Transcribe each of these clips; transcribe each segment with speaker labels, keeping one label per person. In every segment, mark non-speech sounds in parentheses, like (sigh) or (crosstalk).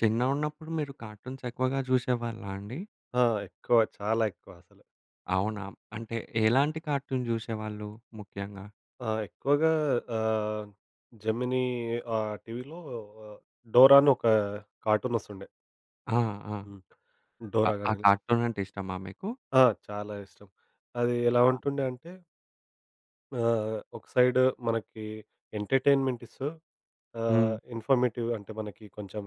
Speaker 1: చిన్నగా ఉన్నప్పుడు మీరు కార్టూన్‌స్ ఎక్కువగా జూసేవాళ్ళా అండి?
Speaker 2: ఆ! ఎక్కువ చాలా ఎక్కువ అసలు.
Speaker 1: అవునా? అంటే ఎలాంటి కార్టూన్ జూసేవాళ్ళు ముఖ్యంగా?
Speaker 2: ఆ! ఎక్కువగా ఆహ్, జెమినీ ఆహ్, టీవీలో ఆహ్, డోరా అని ఒక కార్టూన్ వస్తుండే.
Speaker 1: ఆ! ఆ!
Speaker 2: హ్మ్.
Speaker 1: ఆ ఆ
Speaker 2: డోరాగాని.
Speaker 1: కార్టూనంటే ఇష్టమా మీకు?
Speaker 2: ఆ! చాలా ఇష్టం. అది ఎలా
Speaker 1: ఆ!
Speaker 2: ఉంటుం‌డె అంటే ఆహ్, ఒక సైడ్ మనకి ఎంటర్‌టైన్‌మెంట్ ఇస్తూ
Speaker 1: హ్మ్.
Speaker 2: ఆహ్, ఇన్‌ఫారమేటివ్‌ అంటే మనకి కొంచెం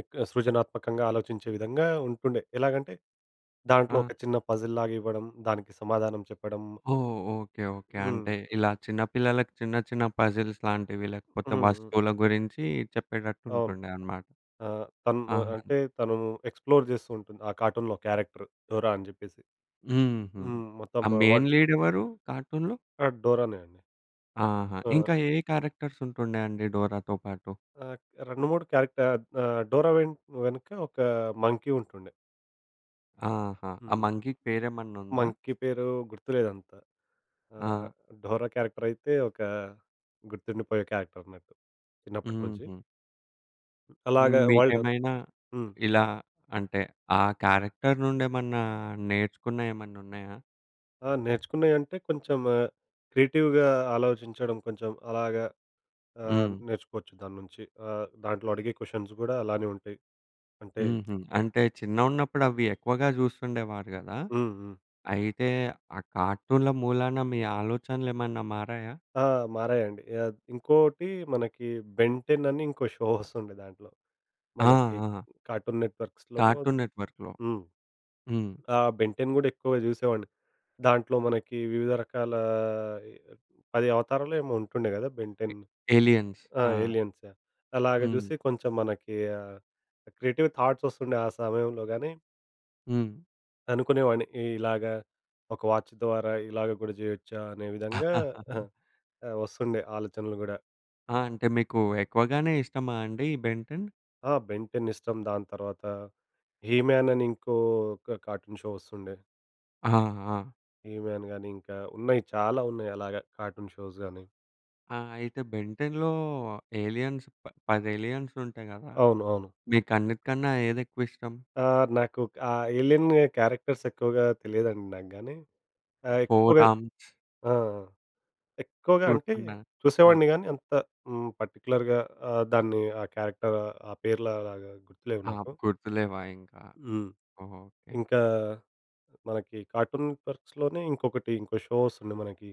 Speaker 2: ఏక్కువ సృజనాత్మకంగా ఆలోచించే విధంగా ఉంటుండే. ఎలాగంటే దాంట్లో
Speaker 1: ఆ!
Speaker 2: ఒక చిన్న పజిల్‌లాగా ఇవ్వడం దానికి సమాధానం చెప్పడం.
Speaker 1: ఓహ్! ఓకే. ఓకే.
Speaker 2: హ్మ్.
Speaker 1: అంటే ఇలా చిన్న పిల్లలకి చిన్న చిన్న పజిల్స్ లాంటివి లేకపోతే
Speaker 2: హుహు.
Speaker 1: వస్తువుల గురించి చెప్పేటట్టు
Speaker 2: అవును.
Speaker 1: ఉంటుండే అన్నమాట.
Speaker 2: ఆహ్, తను‌ను
Speaker 1: ఆహా! న్
Speaker 2: అంటే తను ఎక్స్‌ప్లోర్ జేస్తూ ఉంటుంది. ఆ కార్టూన్‌లో క్యారెక్టర్. డోరా అని చెప్పేసి.
Speaker 1: హుహు.
Speaker 2: హ్మ్. మొత్తం
Speaker 1: ఆ మెయిన్
Speaker 2: వర్
Speaker 1: లీడ్ ఎవరు కార్టూన్‌లో?
Speaker 2: ఆ! డోరానే అండి.
Speaker 1: ఆహా!
Speaker 2: ఆ!
Speaker 1: ఇంకా ఏ ఏ క్యారెక్టర్‌స్ ఉంటుండే అండి డోరాతో పాటు?
Speaker 2: ఆ! 2, 3 క్యారెక్టర్ ఆహ్, అద్ డోరా వెన్ వెనుక ఒక మంకీ ఉంటుండే.
Speaker 1: ఆహా! ఆ
Speaker 2: హ్మ్.
Speaker 1: మంకీకి పేరేమన్నా ఉందా?
Speaker 2: మంకీ పేరూ గుర్తులేదంత. ఆహ్,
Speaker 1: ఆ!
Speaker 2: డోరా క్యారెక్టరయితే ఒకా గుర్తుండిపోయే క్యారెక్టరన్నట్టు చిన్నప్పటి నుంచి.
Speaker 1: హుహు. హ్మ్,
Speaker 2: అలాగా వాల్డన్
Speaker 1: మీకేమైనా
Speaker 2: హ్మ్.
Speaker 1: ఇలా అంటే, ఆ క్యారెక్టర్ నుండి ఏమన్నా నేర్చుకున్నయేమన్నా ఉన్నాయా?
Speaker 2: ఆ! నేర్చుకున్నయంటే, కొంచెం క్రియేటివ్‌గా ఆలోచించడం కొంచెం అలాగా ఆహ్,
Speaker 1: హ్మ్.
Speaker 2: నేర్చుకోవచ్చు దాన్నుంచి. ఆహ్, దాంట్లో అడిగే క్వెషన్స్ కూడా అలానే ఉంటాయి. అంటే
Speaker 1: హుహు. అంటే చిన్నగున్నప్పుడు అవెక్కువగా చూస్తుండేవారు గదా!
Speaker 2: హుహు.
Speaker 1: అయితే ఆ కార్టూన్‌ల మూలాన మీ ఆలోచనలేమన్నా మారాయా?
Speaker 2: ఆ! మారాయండి. అద్ ఇంకోటీ మనకీ 'బెన్‌ 10' అని ఇంకో షో వస్తుండె దాంట్లొ. (chuckles)
Speaker 1: ఆ!
Speaker 2: మనకీ
Speaker 1: ఆ!
Speaker 2: కార్టూన్ నెట్‌వర్క్స్‌ లోనో
Speaker 1: కార్టూన్ నెట్‌వర్క్‌లో.
Speaker 2: హ్మ్.
Speaker 1: హ్మ్.
Speaker 2: ఆ! 'బెన్‌ 10' కూడా ఎక్కువగా చూసేవాడిని. దాంట్లో మనకీ వివిధ రకాలా ఎ 10 అవతారాలో ఏమో ఉంటుండే కద. 'బెన్‌‌
Speaker 1: ఎ
Speaker 2: 10'
Speaker 1: ఎలియన్స్. ఆ!
Speaker 2: ఆహ్, ఎలియన్స్ ఆహ్, అలాగ
Speaker 1: హ్మ్.
Speaker 2: చూసి కొంచెం మనకీ ఆహ్, క్రియేటివ్ థాట్స్ వస్తుండే ఆ సమయంలో గాని
Speaker 1: హ్మ్.
Speaker 2: అనుకునేవాడిని ఇ ఇలాగా, ఒక వాచ్ ద్వారా, ఇలాగ గూడా జేయొచ్చా! అనే విధంగా
Speaker 1: (chuckles)
Speaker 2: (chuckles) ఆ! వస్తుండే ఆలోచనలు గూడా.
Speaker 1: ఆ! అంటే మీకూ, ఎక్కువగానే ఇష్టమా అండి ఈ 'బెన్‌ 10'?
Speaker 2: ఆ! 'బెన్‌ 10' ఇష్టం దాని తరవాతా 'హీ‌-మ్యాన్' అనింకోక కార్టూన్ షో వస్తుండే.
Speaker 1: ఆ! ఆ!
Speaker 2: 'హీ‌‌‌‌‌-మ్యాన్' గానీ ఇంకా ఉన్నాయి చాలా ఉన్నాయి అలాగ కార్టూన్ షోస్‌‌‌ గాని.
Speaker 1: ఆ! అయితే బెన్‌ 10లో ఏలియన్స్ ప పదేలియన్సుంటాయి గదా!
Speaker 2: అవును. అవును.
Speaker 1: మీకన్నిటికన్నా ఏదెక్కువిష్టం?
Speaker 2: ఆ! నాకు ఆహ్, ఏలిన్యా క్యారెక్టర్స్ ఎక్కువగా తెలియదండి నాకు గానీ. ఆహ్,
Speaker 1: 'ఫోర్
Speaker 2: ఎక్కువగా
Speaker 1: ఆర్మ్స్'
Speaker 2: ఆ! ఆ! ఎక్కువగా అంటే,
Speaker 1: గుర్తుందా? ఆ!
Speaker 2: చూసేవాడిని గాని, అంత హ్మ్. పర్టిక్యులర్‌గా ఆహ్, దాన్ని ఆ క్యారెక్టరా, ఆ పేర్లా లాగా గుర్తులేవు
Speaker 1: ఆ!
Speaker 2: నాకు.
Speaker 1: గుర్తులేవా ఇంకా?
Speaker 2: హ్మ్.
Speaker 1: ఓకె.
Speaker 2: ఇంకా మనకి కార్టూన్ పర్క్స్ లోనే ఇంకొకటి, ఇంకో షో వస్తుండె మనకి.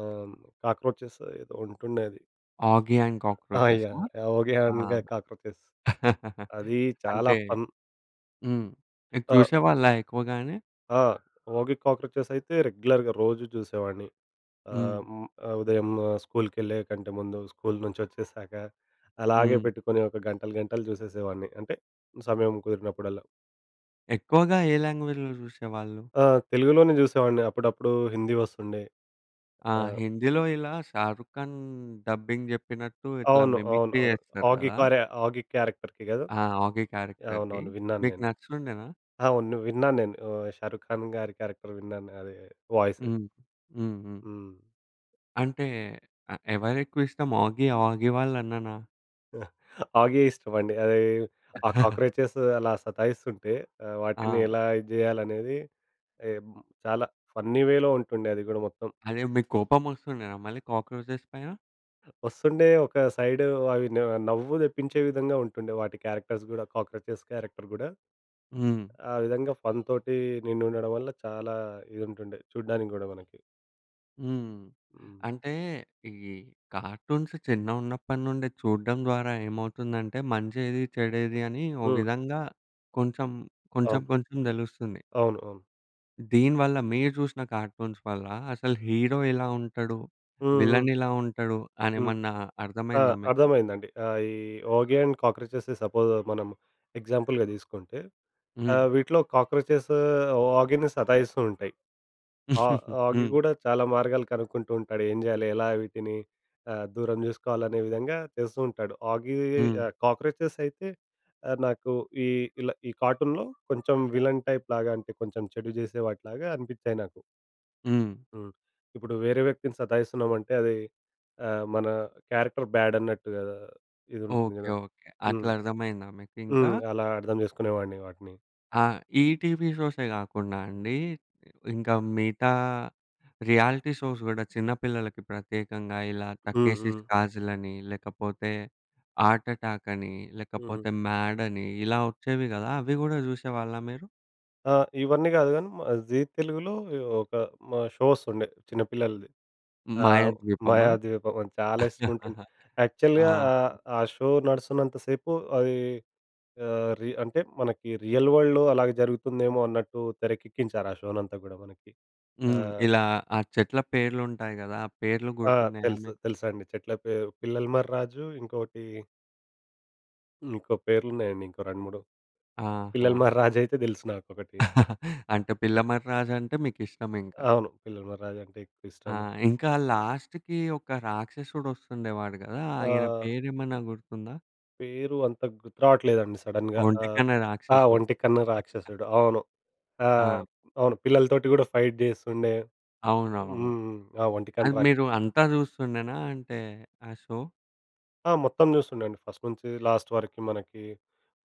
Speaker 2: ఆ! హ్మ్, కాక్రోచెస్సొ ఏదో ఉంటుండే అది.
Speaker 1: ఆగి అండ్‌
Speaker 2: ఆ!
Speaker 1: కాక్రోచస్సా?
Speaker 2: యాహ్! ఆహ్, 'ఓగ్గి
Speaker 1: ఆ!
Speaker 2: అండ్ గ కాక్రోచెస్'.
Speaker 1: (laughs)
Speaker 2: అదీ చాలా
Speaker 1: అంటే,
Speaker 2: ఫన్.
Speaker 1: హ్మ్. ఇది
Speaker 2: ఆ!
Speaker 1: చూసేవాళ్ళా ఎక్కువగానే?
Speaker 2: ఆ! ఓగ్గీ కాక్రోచెస్ అయితే, రెగ్యులర్‌గా రోజు చూసేవాడిని.
Speaker 1: హ్మ్.
Speaker 2: ఆహ్, హ్మ్. ఆ ఉదయము స్కూలుకెళ్ళే కంటే ముందు, స్కూలు నుంచి వచ్చేశాక అలాగే
Speaker 1: హ్మ్.
Speaker 2: పెట్టుకొని ఒక గంటలు, గంటలు చూసేసేవాడిని. అంటే సమయం కుదిరినప్పుడల్లా.
Speaker 1: ఎక్కువగా ఏ లాంగ్వేజ్‌లో జూసేవాళ్ళు?
Speaker 2: ఆ! తెలుగులోనే చూసేవాడిని. అప్పుడప్పుడు హిందీ వస్తుండే.
Speaker 1: ఆ!
Speaker 2: ఆ
Speaker 1: హిందీలో ఇలా 'షారుక్ ఖాన్' డబ్బింగ్ చెప్పినట్టు ఇట్లా
Speaker 2: అవును. అవును.
Speaker 1: మిమిక్రీ
Speaker 2: అవును.
Speaker 1: జేస్తారు
Speaker 2: ఓగ్గీ
Speaker 1: గదా!
Speaker 2: కారే ఓగ్గీ క్యారెక్టర్‌కి కదా!
Speaker 1: ఆ! ఓగ్గీ క్యారెక్టర్‌కి?
Speaker 2: అవునవును. విన్నాను
Speaker 1: మీకు
Speaker 2: నేను.
Speaker 1: నచ్చు‌తుండేనా?
Speaker 2: అవును. విన్నాను నేను. ఆహ్, 'షారుక్ ఖాన్' గారి క్యారెక్టర్ విన్నాను అది వాయిసు.
Speaker 1: హ్మ్. హ్మ్. హ్మ్
Speaker 2: హ్మ్.
Speaker 1: అంటే ఆహ్, ఎవరెక్కువ ఇష్టం ఓగ్గీ? ఓగ్గీ వాళ్ళ అన్ననా?
Speaker 2: (chuckles) ఓగ్గీ ఇష్టమండి. అది ఆ!
Speaker 1: (chuckles)
Speaker 2: కాక్రోచెసు అలా సతాయిస్తుంటే, ఆహ్, వాటిని
Speaker 1: ఆ!
Speaker 2: ఎలా ఇది చేయాలనేది ఎమ్ చాలా ఫన్నీ వేలో ఉంటుండే అది కూడా మొత్తం.
Speaker 1: అదే మీకు కోపం వస్తుండేనా, మళ్ళీ కాక్రోచెస్ పైన?
Speaker 2: వస్తుండే, ఒక సైడు అవి న నవ్వు తెప్పించే విధంగా ఉంటుండే, వాటి క్యారెక్టర్స్ గూడా కాక్రోచెస్ క్యారెక్టర్ గూడా.
Speaker 1: హ్మ్.
Speaker 2: ఆ విధంగా ఫన్ తోటి నిండుడడం వల్ల చాలా ఇది ఉంటుండే చూడ్డానికి కూడా మనకి.
Speaker 1: హ్మ్.
Speaker 2: హ్మ్.
Speaker 1: అంటే ఈ కార్టూన్స్ చిన్నగా ఉన్నప్పటి నుండె చూడడం ద్వారా ఏమవుతుందంటే మంచి ఏది, చెడు ఏది అని ఓ
Speaker 2: హ్మ్.
Speaker 1: విధంగా కొంచెం కొంచెం
Speaker 2: అవును.
Speaker 1: కొంచెం తెలుస్తుంది.
Speaker 2: అవును. అవును.
Speaker 1: దీని వల్ల మీరు జూసిన కార్టూన్స్ వల్ల అసలు హీరో ఎలా ఉంటాడు,
Speaker 2: హ్మ్. హ్మ్.
Speaker 1: విలన్ ఇలా ఉంటాడు అని
Speaker 2: హ్మ్.
Speaker 1: ఏమన్నా
Speaker 2: ఆ!
Speaker 1: అర్థమయిందా మీకు?
Speaker 2: అర్థమైందండి, ఆహ్, ఈ 'ఓగి అండ్ కాక్రోచెస్' సపోజ్ మనం ఎగ్జాంపుల్‌గా తీసుకుంటే ఆ!
Speaker 1: హ్మ్.
Speaker 2: వీటిలో 'కాక్రోచెస్ ఓగిని' సతాయిస్తు ఉంటాయి. ఆ
Speaker 1: (chuckles)
Speaker 2: 'ఓగి'
Speaker 1: హ్మ్.
Speaker 2: కూడా చాలా మార్గాలు కనుక్కుంటూ ఉంటాడు ఏం చేయాలి ఎలా వీటిని ఆహ్, దూరం చేసుకోవాలి అనే విధంగా చేస్తూ ఉంటాడు 'ఓగి‌గి
Speaker 1: హ్మ్.
Speaker 2: ఆహ్, కాక్రోచెస్' అయితే ఆ నాకు ఈ ఇలా ఈ కార్టూన్‌లో కొంచెం విలన్ టైప్ లాగా అంటే కొంచెం చెడు చేసే వాటిలాగా అనిపించాయి నాకు.
Speaker 1: హ్మ్.
Speaker 2: హ్మ్. ఇప్పుడు వేరే వ్యక్తిని సతాయిస్తున్నామంటే అది అహ్, మన క్యారెక్టర్ బ్యాడ్ అన్నట్టుగ‌దా ఇది ఉంటుంది
Speaker 1: ఓకే.
Speaker 2: కదా!
Speaker 1: ఓకే.
Speaker 2: హ్మ్.
Speaker 1: అట్లా అర్థమయిందా మీకు ఇంకా?
Speaker 2: హ్మ్. అలా అర్థం చేసుకునేవాడిని వాటిని.
Speaker 1: ఆ! ఈటీవీ షో‌సే కాకుండా అండి. ఇంకా మిగతా రియాలిటీ షోస్ కూడా చిన్న పిల్లలకి ప్రత్యేకంగా ఇలా
Speaker 2: హ్మ్.
Speaker 1: 'టక్కేసి‌స్
Speaker 2: హ్మ్.
Speaker 1: కాజల్' అని, లేకపోతే 'ఆర్ట్ అటాక్' అని,
Speaker 2: హ్మ్.
Speaker 1: లేకపోతే 'మాడ్' అని, ఇలా వచ్చేవి కదా అవి కూడా జూసేవాళ్ళా మీరు?
Speaker 2: ఆ! ఇవన్నీ కాదు కానీ, జీ తెలుగులో ఒ ఒక హ్మ్. షో వస్తుండే చిన్నపిల్లలది. ఆహ్,
Speaker 1: మాయాద్వీపమా?
Speaker 2: మాయాద్వీపమని చాలా ఇష్టముంటుండే.
Speaker 1: (chuckles)
Speaker 2: యాక్చువల్‌గా ఆహ్,
Speaker 1: ఆహా!
Speaker 2: ఆ షో నడుస్తున్నంత సేపు అది ఆహ్, రీ అంటే మనకి రియల్ వరల్డ్‌లో అలాగే జరుగుతుందేమో అన్నట్టు తెరకెక్కించారు ఆ షోనంతా కూడా మనకి. ఆ!
Speaker 1: హ్మ్. ఇలా ఆ చెట్ల పేర్లుంటాయి గదా! ఆ పేర్లు
Speaker 2: ఆ!
Speaker 1: గుర్తున్నాయా
Speaker 2: తెలుసు
Speaker 1: మీకు?
Speaker 2: తెలుసండి. చెట్ల పేరు పిల్లల మర్రి రాజు, ఇంకోటి హ్మ్. ఇంకో పేర్లున్నాయండి ఇంకో 2, 3 పిల్లల
Speaker 1: ఆహా!
Speaker 2: మర్రి రాజైతే తెలుసు నాకొకటి.
Speaker 1: (chuckles) అంటే పిల్లమర్రి రాజంటే మీకిష్టమింకా.
Speaker 2: అవును. పిల్లల మర్రి రాజంటే
Speaker 1: ఆ!
Speaker 2: ఎక్కువిష్టం.
Speaker 1: ఇంకా లాస్ట్‌కి ఒక రాక్షసుడు వస్తుండేవాడు గదా! ఆయన
Speaker 2: ఆ!
Speaker 1: పేరేమన్నా గుర్తుందా?
Speaker 2: పేరు అంత గుర్తు రావట్లేదండి సడెన్‌గా. ఆ!
Speaker 1: ఒంటికన్ను
Speaker 2: ఆహ్,
Speaker 1: రాక్షసుడు.
Speaker 2: ఒంటికన్ను రాక్షసుడు. అవును.
Speaker 1: ఆ!
Speaker 2: ఆహ్, అవును పిల్లలతోటి కూడా ఫైట్ జేస్తుండే.
Speaker 1: అవునవును.
Speaker 2: హ్మ్. ఆ
Speaker 1: అది
Speaker 2: ఒంటికన్ను రాక్ష
Speaker 1: మీరు అంతా చూస్తుండేనా అంటే ఆ షో?
Speaker 2: ఆ! మొత్తం చూస్తుండేండి ఫస్టు నుంచి లాస్టు వరకు మనకి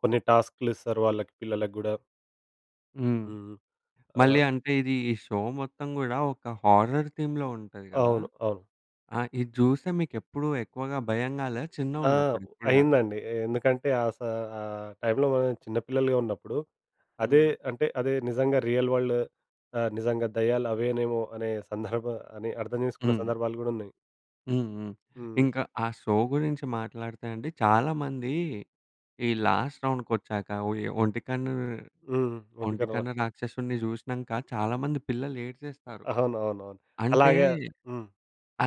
Speaker 2: కొన్ని టాస్కులిస్తారు. వాళ్ళకి పిల్లలకి గూడా.
Speaker 1: హ్మ్.
Speaker 2: హ్మ్.
Speaker 1: మళ్ళీ
Speaker 2: ఆ!
Speaker 1: అంటే ఇది ఈ షో? మొత్తం గూడా ఒక హారర్ థీమ్‌లో ఉంటది గదా!
Speaker 2: అవును. అవును.
Speaker 1: ఆ! ఇది జూస్తే మీకెప్పుడు ఎక్కువగా భయం గాలే
Speaker 2: ఆ!
Speaker 1: చిన్నగున్నప్పుడు ఇప్పుడు గాదు?
Speaker 2: అయిందండి. ఎందుకంటే ఆ స ఆ టైంలో మనం చిన్న పిల్లలుగా ఉన్నప్పుడు అదే
Speaker 1: హ్మ్.
Speaker 2: అంటే అదే నిజంగా రియల్ వరల్డ్. ఆ! నిజంగా దెయ్యాలు అవేనేమో అనే సందర్భ అని అర్థం చేసుకున్న
Speaker 1: హ్మ్.
Speaker 2: సందర్భాలు గూడున్నయి.
Speaker 1: హ్మ్ హ్మ్.
Speaker 2: హ్మ్.
Speaker 1: ఇంకా ఆ షో గురించి మాట్లాడితే అండి. చాలా మంది ఈ లాస్ట్ రౌండ్‌కి ఒచ్చాక ఓ ఈ ఒంటికన్ను
Speaker 2: హ్మ్. వంటి కన్ను రా
Speaker 1: ఒంటికన్ను రాక్షసుడిని చూశ్నంక చాలా మంది పిల్లలు ఏడ్చేస్తారు.
Speaker 2: అవునవునవును.
Speaker 1: అంటే
Speaker 2: అలాగ హ్మ్.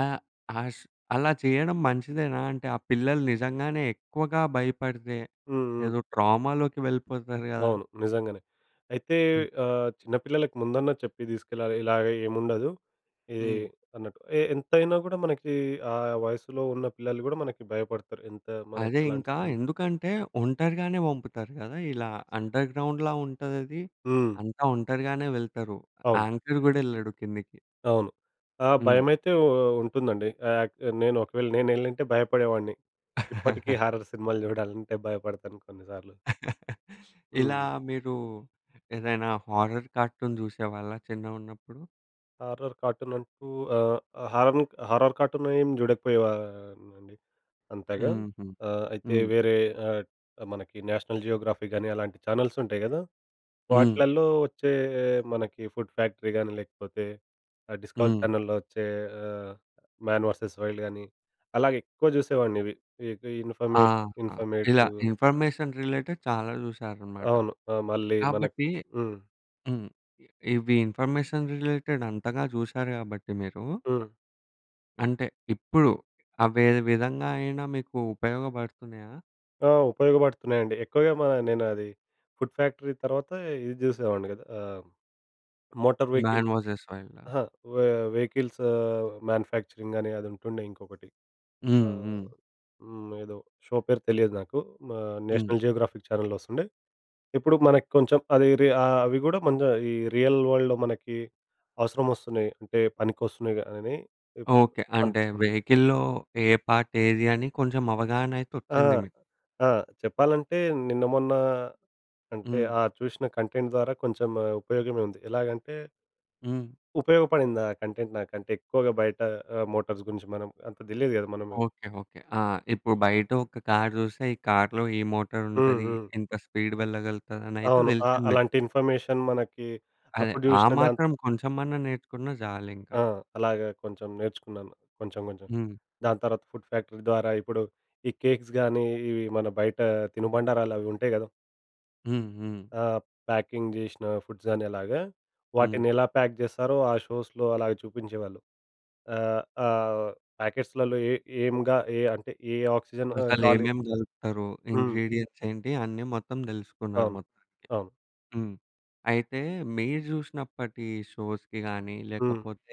Speaker 1: ఆహ్, ఆస్ అలా చేయడం మంచిదేనా? అంటే ఆ పిల్లలు నిజంగానే ఎక్కువగా భయపడితే
Speaker 2: హ్మ్. హ్మ్.
Speaker 1: ఏదో ట్రామా‌లోకి వెళ్ళిపోతారు గద!
Speaker 2: అవును, నిజంగనే. అయితే
Speaker 1: హ్మ్.
Speaker 2: ఆహ్, చిన్న పిల్లలకి ముందున్న చెప్పి తీసుకెళ్లాలి. ఇలాగ ఏం ఉండదు ఎహ్,
Speaker 1: హ్మ్.
Speaker 2: అన్నట్టు. ఎ ఎంతైనా కూడా మనకి, ఆ వయసులో ఉన్న పిల్లలు కూడా మనకి భయపడతరు. ఎంత మనకు
Speaker 1: అదే
Speaker 2: అలాంటి
Speaker 1: ఇంకా
Speaker 2: సడన్
Speaker 1: ఎందుకంటే ఒంటరిగానే పంపుతారు గద. ఇలా అండర్‌గ్రౌండ్‌లా ఉంటదది.
Speaker 2: హ్మ్.
Speaker 1: అంతా ఒంటరిగానే వెళ్తారు.
Speaker 2: అవును.
Speaker 1: యాంకర్ కూడా ఎళ్ళడు కిందకి.
Speaker 2: అవును. ఆ
Speaker 1: హ్మ్.
Speaker 2: భయమైతే ఉ ఉ ఉంటుందండి. ఆహ్, ఆక్చు నేను ఒకవేళ నేనెళ్ళింటే భయపడేవాడిని. ఇప్పటికీ
Speaker 1: (chuckles)
Speaker 2: హారర్ సినిమాలు చూడాలంటే భయపడతాను కొన్ని సార్లు.
Speaker 1: (chuckles) ఇలా
Speaker 2: హ్మ్.
Speaker 1: మీరు ఏదైనా హారర్ కార్టూన్ చూసేవాళ్ళా చిన్నగున్నప్పుడు?
Speaker 2: హారర్ కార్టూన్ అంటూ ఆహ్, హారన్ హారర్ కార్టూన్ ఎం చూడకపోయేవాడినండి, అంతగా.
Speaker 1: హుహు.
Speaker 2: ఆహ్, అయితే
Speaker 1: హ్మ్.
Speaker 2: వేరే ఆహ్, మనకి నేషనల్ జియోగ్రఫీ గాని అలాంటి ఛానెల్స్ ఉంటాయి గద.
Speaker 1: హ్మ్.
Speaker 2: వాట్లల్లో వచ్చే మనకి ఫుడ్ ఫ్యాక్టరీ కానీ. లేకపోతే ఆ డిస్కవర్
Speaker 1: హ్మ్.
Speaker 2: ఛానెల్‌లో వచ్చే ఆహ్, మ్యాన్ వెర్సస్ వైల్డ్ కానీ అలాగే ఎక్కువ చూసేవాడిని. ఇవి ఇన్
Speaker 1: ఆ!
Speaker 2: ఇన్ఫర్మేషన్
Speaker 1: ఇలా
Speaker 2: ఇన్ఫర్మేటివ్
Speaker 1: ఇన్ఫర్మేషన్ రిలేటెడ్ చాలా చూసారనమాట.
Speaker 2: అవును. ఆహ్, మళ్ళీ మనకు
Speaker 1: కాబట్టి
Speaker 2: హ్మ్.
Speaker 1: హ్మ్. ఇవి ఇన్ఫర్మేషన్ రిలేటెడ్ అంతగా చూశారు గాబట్టి మీరు
Speaker 2: హ్మ్.
Speaker 1: అంటే, ఇప్పుడు అవి ఏ విధంగా అయినా మీకు ఉపయోగపడుతున్నాయా?
Speaker 2: ఆ! ఉపయోగపడుతున్నాయండి. ఎక్కువగా మ నేను అది ఫుడ్ ఫ్యాక్టరీ తర్వాత, ఇది జూసేవాడిని గదా! ఆహ్, మోటార్ వెహికల్‌
Speaker 1: మ్యాన్ వర్సెస్ వైల్డా?
Speaker 2: అహా, వె వెహికల్స్ ఆహ్, మ్యాన్యుఫ్యాక్చరింగ్, అని అది ఉంటుండే ఇంకొకటి.
Speaker 1: హ్మ్.
Speaker 2: ఆహ్,
Speaker 1: హ్మ్.
Speaker 2: హ్మ్. ఏదో షో పేరు తెలియదు నాకు. మా
Speaker 1: హ్మ్.
Speaker 2: నేషనల్ జియోగ్రాఫిక్ ఛానెల్‌లో వొస్తుం‌డే. ఇప్పుడు మనకి కొంచెం అది‌ రీ అవి కూడా కొంచెం, ఈ రియల్ వరల్డ్‌లో మనకి అవసరమొస్తున్నాయి. అంటే పనికొస్తున్నాయి‌గ అని ఏప్
Speaker 1: ఓకే. అంటే
Speaker 2: అనిపిస్తుంది.
Speaker 1: వెహికల్‌లో ఏ పార్ట్ ఏది, అని కొంచెం అవగాహన అయితే
Speaker 2: ఆ!
Speaker 1: వొచ్చింది మీకు.
Speaker 2: ఆ! చెప్పాలంటే, నిన్న మొన్న అంటే,
Speaker 1: హ్మ్.
Speaker 2: ఆ చూసిన కంటెంట్ ద్వారా కొంచెం ఉపయోగమే ఉంది. ఎలాగంటే
Speaker 1: హ్మ్.
Speaker 2: ఉపయోగపడింది ఆ కంటెంట్ నాకంటే ఎక్కువగా బయట ఆహ్, మోటార్స్ గురించి మనం, అంత తెలియదు కదా! మనమే
Speaker 1: ఓకే. ఓకే. ఆ! ఇప్పుడు బయట ఒక కార్ చూస్తే, ఈ కార్‌లో ఈ
Speaker 2: హ్మ్.
Speaker 1: మోటారుంటది,
Speaker 2: హ్మ్.
Speaker 1: ఏంత స్పీడ్ వెళ్ళగలుగుతది, అని అయితే
Speaker 2: అవును. అ
Speaker 1: తెలిసింది మీకు.
Speaker 2: అలాంటి ఇన్ఫర్మేషన్ మనకి
Speaker 1: అదే.
Speaker 2: అప్పుడు
Speaker 1: ఆ
Speaker 2: చూసిన దాంత్
Speaker 1: మాత్రం కొంచెమన్నా నేర్చుకున్నా జాలింకా.
Speaker 2: ఆ! అలాగ కొంచెం నేర్చుకున్నాను. కొంచెం, కొంచెం
Speaker 1: హ్మ్.
Speaker 2: దాని తర్వాత ఫుడ్ ఫ్యాక్టరీ ద్వారా ఇప్పుడు ఈ కేక్స్ గానీ, ఇవి మన బయట తినుబండారాలు అవి ఉంటాయి గదా!
Speaker 1: హ్మ్. హ్మ్.
Speaker 2: ఆ! ప్యాకింగ్ చేశ్న ఫుడ్స్ అనే అలాగా.
Speaker 1: హ్మ్.
Speaker 2: వాటినెలా ప్యాక్ చేస్తారో ఆ షోస్‌లో అలాగ చూపించేవాళ్ళు. ఆహ్, ఆహ్, ప్యాకెట్స్‌లలో ఏ ఎంగా ఏ అంటే ఏ ఆక్సిజన్ ఆహ్,
Speaker 1: అసలు
Speaker 2: గాలి
Speaker 1: ఏమేమి కలుపుతరు?
Speaker 2: హ్మ్.
Speaker 1: ఇంగ్రీడియెంట్స్ ఏంటి? అన్నీ మొత్తం తెలుసుకున్నారు
Speaker 2: అవును.
Speaker 1: మొత్తానికి.
Speaker 2: అవును.
Speaker 1: హ్మ్. అయితే మీరు చూసినప్పటి షోస్‌కి గాని
Speaker 2: హ్మ్.
Speaker 1: లేకపోతే...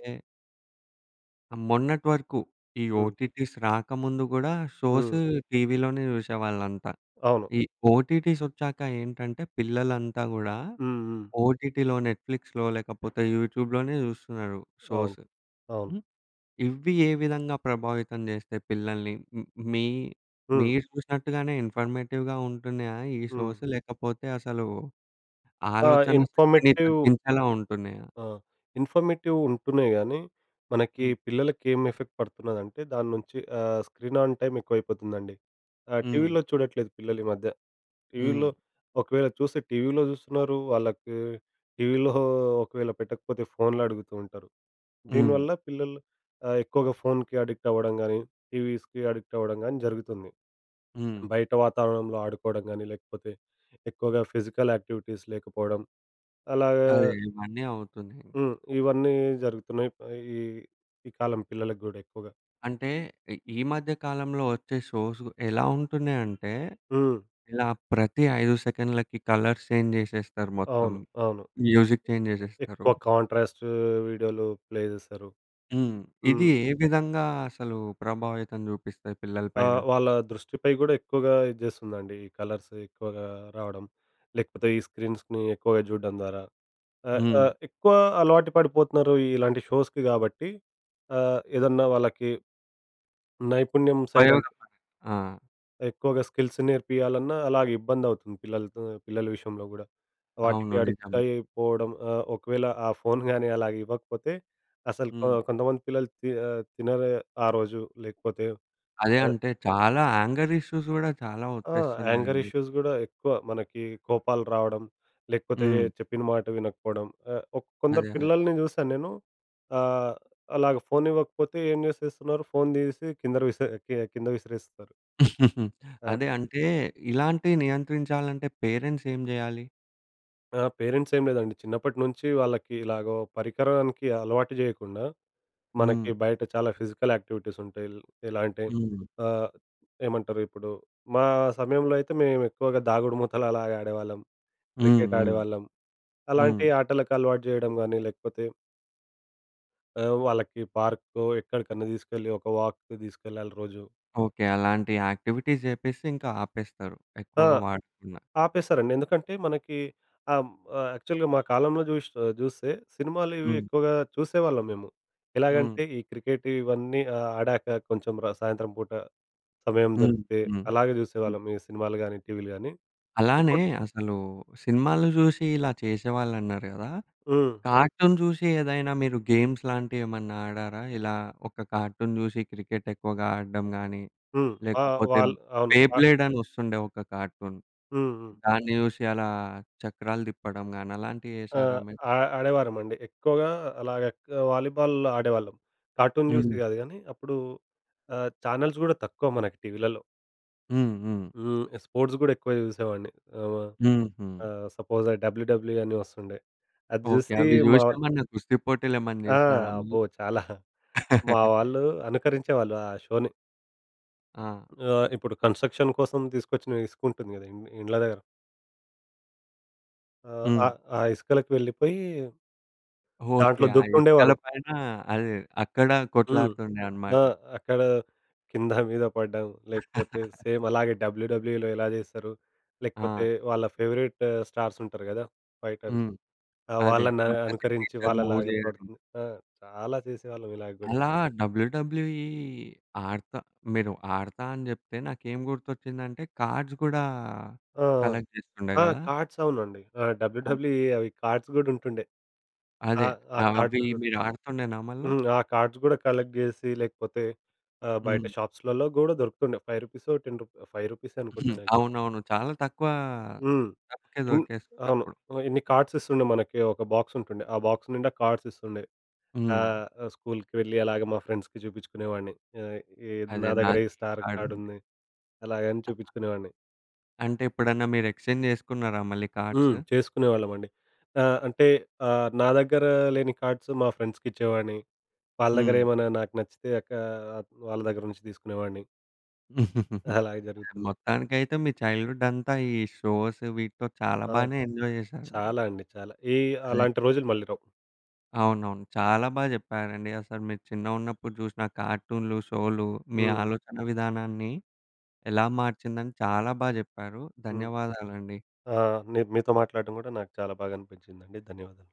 Speaker 1: మొన్నటి వరకు. ఈ
Speaker 2: హ్మ్.
Speaker 1: ఓటీటీస్ రాకముందు గూడా
Speaker 2: హ్మ్.
Speaker 1: షోసు టీవీలోనే చూసేవాళ్ళంతా.
Speaker 2: అవును.
Speaker 1: ఈ ఓటీటీస్ ఒచ్చాక ఏంటంటే పిల్లలంతా గూడా
Speaker 2: హ్మ్. హ్మ్.
Speaker 1: ఓటీటీలో, నెట్‌ఫ్లిక్స్‌లో, లేకపోతే యూట్యూబ్‌లోనే చూస్తున్నారు
Speaker 2: అవును.
Speaker 1: షోస్.
Speaker 2: అవును.
Speaker 1: హ్మ్. ఇవి ఏ విధంగా ప్రభావితం చేస్తాయి పిల్లల్ని? మీ
Speaker 2: హ్మ్.
Speaker 1: మీరు చూసినట్టుగానే ఇన్ఫర్మేటివ్‌గా ఉంటున్నాయా? ఈ
Speaker 2: హ్మ్.
Speaker 1: షోస్. లేకపోతే అసలు
Speaker 2: ఆ!
Speaker 1: ఆలోచన శక్తిని
Speaker 2: ఇన్ఫర్మేటివ్
Speaker 1: తగ్గించేలా ఉంటున్నాయా?
Speaker 2: ఆ! ఇన్ఫర్మేటివ్ ఉంటున్నాయి గానీ. మనకి
Speaker 1: హ్మ్.
Speaker 2: పిల్లలకి ఏం ఎఫెక్ట్ పడుతున్నదంటే దాని నుంచి ఆహ్, స్క్రీన్ ఆన్ టైమ్ ఎక్కువైపోతుందండి. ఆహ్,
Speaker 1: హ్మ్.
Speaker 2: టీవీలో చూడట్లేదు పిల్లలు ఈ మధ్య.
Speaker 1: హ్మ్.
Speaker 2: టీవీలో ఒకవేళ చూస్తే టీవీలో చూస్తున్నారు. వాళ్ళకి టీవీలో ఒకవేళ పెట్టకపోతే ఫోన్‌లో అడుగుతూ ఉంటారు.
Speaker 1: హ్మ్.
Speaker 2: దీనివల్ల పిల్లలు ఆ ఎక్కువగా ఫోన్‌కీ అడిక్ట్ అవ్వడం గానీ, టీవీస్‌కీ అడిక్ట్ అవ్వడం గానీ జరుగుతుంది.
Speaker 1: హ్మ్.
Speaker 2: బయట వాతావరణంలో ఆడుకోవడం గాని లేకపోతే ఎక్కువగా ఫిజికల్ యాక్టివిటీస్ లేకపోవడం. అలాగా
Speaker 1: అదే ఇవన్నీ అవుతున్నాయి.
Speaker 2: హ్మ్. ఇవన్నీ జరుగుతున్నాయి. ఈ ఈ కాలం పిల్లలకి గూడా ఎక్కువగా.
Speaker 1: అంటే ఇ ఈ మధ్య కాలంలో ఒచ్చే షోస్ గు ఎలా ఉంటున్నాయి అంటే,
Speaker 2: హ్మ్.
Speaker 1: ఇలా ప్రతి 5 సెకన్లకి కలర్స్ చేంజ్ జేశెస్తారు మొత్తం.
Speaker 2: అవును. అవును.
Speaker 1: మ్యూజిక్ చేంజ్ జేశెస్తారు.
Speaker 2: ఎక్కువ కాంట్రాస్టూ వీడియోలు ప్లే జేస్తరు.
Speaker 1: హ్మ్. ఇది
Speaker 2: హ్మ్.
Speaker 1: ఏ విధంగా అసలు ప్రభావితం జూపిస్తాయి పిల్లల పైన?
Speaker 2: ఆహ్, వాళ్ళ దృష్టిపై గూడా ఎక్కువగా ఇది జేస్తుందండి. ఈ కలర్స్ ఎక్కువగా రావడం. లేకపోతే ఈ స్క్రీన్స్‌ని ఎక్కువగా జూడ్డం ద్వారా. ఆహ్,
Speaker 1: హ్మ్.
Speaker 2: ఆహ్, ఎక్కువ అలవాటు పడిపోతున్నారు ఇలాంటి షోస్‌కి గాబట్టి ఆహ్, ఏదన్నా వాళ్ళకి నైపుణ్యం సైడ్ అం
Speaker 1: ఉపయోగం మనకి. ఆ!
Speaker 2: ఎక్కువగా స్కిల్స్ నేర్పియ్యాలన్నా అలాగే ఇబ్బంది అవుతుంది పిల్లలతో పిల్లల విషయంలో గూడా. వాటికి
Speaker 1: అవును.
Speaker 2: అడిక్ట్
Speaker 1: నిజమె.
Speaker 2: అయి పోవడం, ఆహ్, ఒకవేళ ఆ ఫోను గాని అలా ఇవ్వకపోతే అసలు కో
Speaker 1: హ్మ్.
Speaker 2: కొంతమంది పిల్లలు తి ఆహ్, తినరు ఆ రోజు లేకపోతే
Speaker 1: అదే
Speaker 2: ఆహ్
Speaker 1: అంటే చాలా యాంగర్ ఇష్యూస్ గూడా చాలా
Speaker 2: ఆ! యాంగర్
Speaker 1: ఒచ్చేస్తున్నాయండి.
Speaker 2: ఇష్యూస్ గూడా ఎక్కువ మనకి కోపాలు రావడం లేకపోతే
Speaker 1: హ్మ్.
Speaker 2: చెప్పిన మాట వినకపోడం. ఆహ్, ఒక్ కొందరి
Speaker 1: అదే. అదే.
Speaker 2: పిల్లల్ని జూసాను నేను ఆహ్, అలాగా ఫోన్ ఇవ్వకపోతే ఏం జేసేస్తున్నారు? ఫోన్ దీసి కిందర విసే కి కింద విసిరేస్తరు.
Speaker 1: (chuckles)
Speaker 2: ఆ!
Speaker 1: అదే అంటే ఇలాంటివి నియంత్రించాలంటే పేరెంట్స్ ఏం జేయాలి?
Speaker 2: ఆ! పేరెంట్స్ ఏం లేదండి చిన్నప్పటి నుంచి వాళ్ళకి ఇలాగో పరికరానికి అలవాటు జేయకుండా,
Speaker 1: హ్మ్.
Speaker 2: మనకి బయట చాలా ఫిజికల్ యాక్టివిటీస్ ఉంటాయి. ఎల్ ఎలా అంటే
Speaker 1: హ్మ్.
Speaker 2: ఆహ్, ఏమంటారు? ఇప్పుడు మా సమయంలో అయితే మేము ఎక్కువగా దాగుడుమూతలు అలాగ ఆడేవాళ్ళం,
Speaker 1: హ్మ్.
Speaker 2: క్రికెట్
Speaker 1: హ్మ్.
Speaker 2: ఆడేవాళ్ళం
Speaker 1: హ్మ్.
Speaker 2: అలాంటి ఆటలకు అలవాటు చేయడం గానీ లేకపోతే ఆ! వాళ్ళకి పార్క్‌కో ఎక్కడికన్నా తీసుకెళ్ళి ఒక వాక్‌కి తీసుకెళ్లాలి రోజు.
Speaker 1: ఓకే. అలాంటి యాక్టివిటీస్ జేపిస్తే ఇంక ఆపేస్తారు,
Speaker 2: ఆ!
Speaker 1: ఎక్కువగా వాడుతున్న.
Speaker 2: ఆపేశారండి. ఎందుకంటే మనకి హ్మ్, ఆహ్, యాక్చువల్‌గా మా కాలంలో జూష్ ఆహ్, జూస్తే సినిమాలు ఇవి
Speaker 1: హ్మ్.
Speaker 2: ఎక్కువగా చూసేవాళ్ళం మేము.
Speaker 1: హ్మ్.
Speaker 2: ఎలాగంటే ఈ క్రికెట్ ఇవన్నీ ఆ ఆడాక కొంచెం ర సాయంత్రం పూట సమయం
Speaker 1: హ్మ్.
Speaker 2: దొరికితే
Speaker 1: హ్మ్.
Speaker 2: అలాగే
Speaker 1: హ్మ్.
Speaker 2: చూసేవాళ్ళం ఈ సినిమాలు గానీ, టీవీలు గానీ.
Speaker 1: అలానే
Speaker 2: ఇప్పుడ్
Speaker 1: అసలు సినిమాలు జూసి ఇలా చేసేవాళ్ళు అన్నారు కదా!
Speaker 2: హ్మ్.
Speaker 1: కార్టూన్ చూసి ఏదైనా మీరు గేమ్స్ లాంటివి ఏమన్నా ఆడారా? ఇలా ఒక కార్టూన్ చూసి క్రికెట్ ఎక్కువగా ఆడడం గాని
Speaker 2: హ్మ్. ఆ!
Speaker 1: లేకపోతే
Speaker 2: వాల్ అవును.
Speaker 1: బె
Speaker 2: ఆ
Speaker 1: బ్లేడ్ అని వస్తుండే ఒక కార్టూన్,
Speaker 2: హ్మ్. హ్మ్.
Speaker 1: దాన్ని జూశి అలా చక్రాలు తిప్పడం గాని అలాంటివి
Speaker 2: ఆ!
Speaker 1: చేసారా మీరు?
Speaker 2: ఆ ఆడేవారమండి. ఎక్కువగా అలాగే వాలీబాల్ ఆడేవాళ్ళం. కార్టూన్ జూసి
Speaker 1: హ్మ్.
Speaker 2: కాదు గానీ అప్పుడు ఆహ్, చానెల్స్ కూడా తక్కువ మనకి టీవీలలో.
Speaker 1: హ్మ్, హ్మ్.
Speaker 2: హ్మ్. ఆ స్పోర్ట్స్ గూడా ఎక్కువ జూసేవాడిని ఆవ
Speaker 1: హుహు.
Speaker 2: ఆహ్, సపోజ్ ఆ డబ్ల్యూడబ్ల్యూఈ అని వస్తుండే అది
Speaker 1: ఓకే.
Speaker 2: చూసి
Speaker 1: అవి చూసి
Speaker 2: మా‌వాల్
Speaker 1: ఏమన్నా కుస్తీ పోటీలు ఏమన్నా
Speaker 2: ఆ!
Speaker 1: జేసినారా మీరు?
Speaker 2: అబ్బో! చాలా. మా
Speaker 1: (chuckles)
Speaker 2: వాళ్ళు అనుకరించేవాళ్ళు ఆ షోని.
Speaker 1: ఆ!
Speaker 2: ఆ! ఇప్పుడు కన్‌స్ట్రక్షన్ కోసం తీసుకొచ్చిన ఇసుకుంటుంది గదా ఇం ఇండ్ల దగ్గర. ఆహ్, ఆ
Speaker 1: హ్మ్.
Speaker 2: ఆ ఇసుకలకి వెళ్ళిపోయి
Speaker 1: ఓకే.
Speaker 2: దాంట్లో
Speaker 1: ఆ ఇసుకల
Speaker 2: దుక్కుతుండేవారు.
Speaker 1: పైన అది అక్కడ
Speaker 2: హ్మ్.
Speaker 1: కొట్లాడుతుండే
Speaker 2: ఆ!
Speaker 1: అన్నమాట.
Speaker 2: అక్కడ కింద మీద పడ్డం లేకపోతే
Speaker 1: (laughs)
Speaker 2: సేమ్ అలాగే డబ్ల్యూడబ్ల్యూఈలో ఏలా చేస్తారు. లేకపోతే
Speaker 1: ఆ!
Speaker 2: వాళ్ళ ఫేవరైట్ స్టార్సుంటారు గదా ఫైటర్స్.
Speaker 1: హ్మ్.
Speaker 2: ఆ!
Speaker 1: అదే
Speaker 2: వాళ్ళని ఆహ్,
Speaker 1: మన
Speaker 2: అనుకరించి
Speaker 1: సిగ్నేచర్ మూవ్
Speaker 2: వాళ్ళలాగా
Speaker 1: జేయడం.
Speaker 2: పడుతుం ఆ చాలా చేసేవాళ్ళం ఇలాగ గూడా.
Speaker 1: అలా డబ్ల్యూడబ్ల్యూ‌ఈ ఆడతా మీరు ఆడతా అని జెప్తే నాకేం గుర్తొచ్చిందంటే కార్డ్స్ గూడా
Speaker 2: ఆ!
Speaker 1: కలెక్ట్ జేస్తుండే
Speaker 2: ఆ! ఆ
Speaker 1: గదా!
Speaker 2: కార్డ్స్ అవునండి ఆ
Speaker 1: అవును.
Speaker 2: డబ్ల్యూడబ్ల్యూ‌ఈ అవి కార్డ్స్ గూడా ఉంటుండే ఆ!
Speaker 1: అదే
Speaker 2: ఆ
Speaker 1: అవి
Speaker 2: కార్డ్స్ గూడా.
Speaker 1: మీరు ఆడుతుండేనా మళ్ళా?
Speaker 2: హ్మ్. ఆ! కార్డ్స్ గూడా కలెక్ట్ జేసి లేకపోతే ఆ బయట
Speaker 1: హ్మ్.
Speaker 2: షాప్స్‌లలో గూడా దొరుకుతుండే. ఫైవ్ రూపీసొ టెన్ రూపి ఆహ్, ఫైవ్ రూపీసె
Speaker 1: హ్మ్.
Speaker 2: అనుకుంటాను యాక్చువల్.
Speaker 1: అవునవును చాలా తక్కువ
Speaker 2: హ్మ్.
Speaker 1: డబ్బుకే
Speaker 2: ఇం
Speaker 1: దొరికే‌స్తుండే
Speaker 2: అవును.
Speaker 1: అప్పుడు.
Speaker 2: ఆ ఇన్ని కార్డ్స్ ఇస్తుండే మనకి ఒక బాక్సుంటుండే. ఆ బాక్స్ నిండా కార్డ్స్ ఇస్తుండే.
Speaker 1: హ్మ్.
Speaker 2: ఆహ్, ఆ స్కూలుకి వెళ్ళి అలాగే మా ఫ్రెండ్స్‌కి జూపించుకునేవాడిని. ఆహ్, ఏ
Speaker 1: అదే
Speaker 2: నా దగ్గర
Speaker 1: నా‌ది
Speaker 2: ఈ స్టార్
Speaker 1: ఆడుం‌డే.
Speaker 2: కార్డుంది. అలాగ అన్ని చూపించుకునేవాడిని.
Speaker 1: అంటే ఎప్పుడన్నా మీరు ఎక్స్‌చేంజ్ జేసుకున్నారా మళ్ళీ కార్డ్స్?
Speaker 2: హ్మ్. చేసుకునేవాళ్ళమండి ఆహ్, అంటే ఆహ్, నా దగ్గర లేని కార్డ్స్ మా ఫ్రెండ్స్‌కిచ్చేవాడిని. వాళ్ళ దగ్గర
Speaker 1: హ్మ్.
Speaker 2: ఏమైనా నాకు నచ్చితే అక్క ఆ! వాళ్ళ దగ్గర నుంచి తీసుకునేవాడిని.
Speaker 1: (chuckles)
Speaker 2: అలాగే జరుగుతుంది.
Speaker 1: మొత్తానికైతే మీ చైల్డ్‌హుడంతా ఈ షోసు వీటితో చాలా
Speaker 2: ఆ!
Speaker 1: బాగానే ఎంజాయ్ జేసారు మీరు.
Speaker 2: చాలా అండి చాలా. ఈ
Speaker 1: అదే.
Speaker 2: అలాంటి రోజులు మళ్ళీ రావు.
Speaker 1: అవునవును. చాలా బా చెప్పారండి అసలు మీరు చిన్నగున్నప్పుడు జూషిన కార్టూన్లు, షోలు మీ
Speaker 2: హ్మ్.
Speaker 1: ఆలోచనా విధానాన్ని ఎలా మార్చిందని చాలా బా జెప్పారు
Speaker 2: హ్మ్.
Speaker 1: ధన్యవాదాలండి.
Speaker 2: ఆ న మీతో మాట్లాడడం కూడా నాకు చాలా బాగా అనిపించిందండి ధన్యవాదాలు.